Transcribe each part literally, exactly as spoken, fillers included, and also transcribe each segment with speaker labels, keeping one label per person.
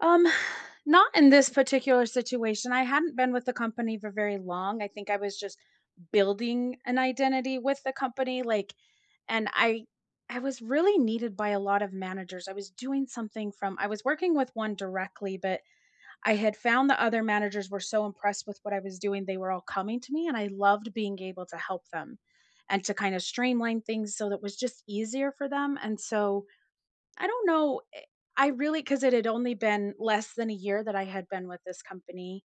Speaker 1: Um, not in this particular situation. I hadn't been with the company for very long. I think I was just building an identity with the company like and I I was really needed by a lot of managers. I was doing something from I was working with one directly, but, I had found the other managers were so impressed with what I was doing, they were all coming to me and I loved being able to help them, and to kinda streamline things so that was just easier for them, and so I don't know I I really 'cause it had only been less than a year that I had been with this company.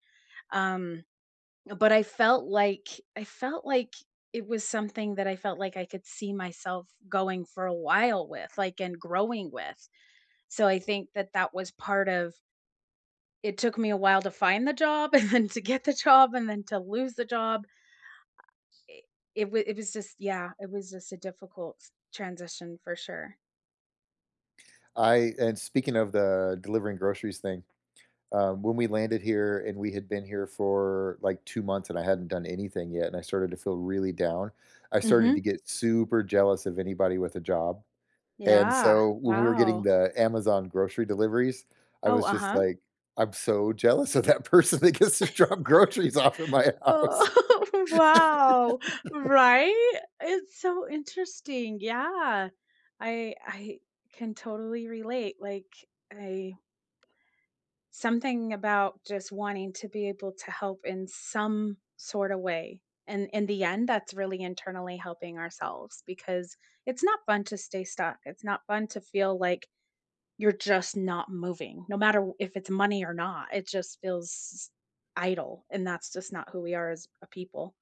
Speaker 1: Um, but I felt like I felt like it was something that I felt like I could see myself going for a while with, like, and growing with, so I think that that was part of It took me a while to find the job, and to get the job, and then to lose the job. I i it was it was just yeah. It was just a difficult transition, for sure.
Speaker 2: I and speaking of the delivering groceries thing, um, when we landed here and we had been here for, like, two months and I hadn't done anything yet and I started to feel really down, I started to
Speaker 1: Mhm.
Speaker 2: get super jealous of anybody with a job, and
Speaker 1: Yeah.
Speaker 2: so when we were getting
Speaker 1: Wow.
Speaker 2: the Amazon grocery deliveries, I
Speaker 1: Oh,
Speaker 2: was just
Speaker 1: uh-huh.
Speaker 2: like, "I'm so jealous of that person that gets to drop groceries off of my house."
Speaker 1: Oh, wow. Right? It's so interesting. Yeah, I I can totally relate like I Something about just wanting to be able to help in some sorta way, and in the end, that's really internally helping ourselves, because it's not fun to stay stuck. It's not fun to feel like you're just not moving. No matter w if it's money or not, it just feels idle, and that's just not who we are as a people.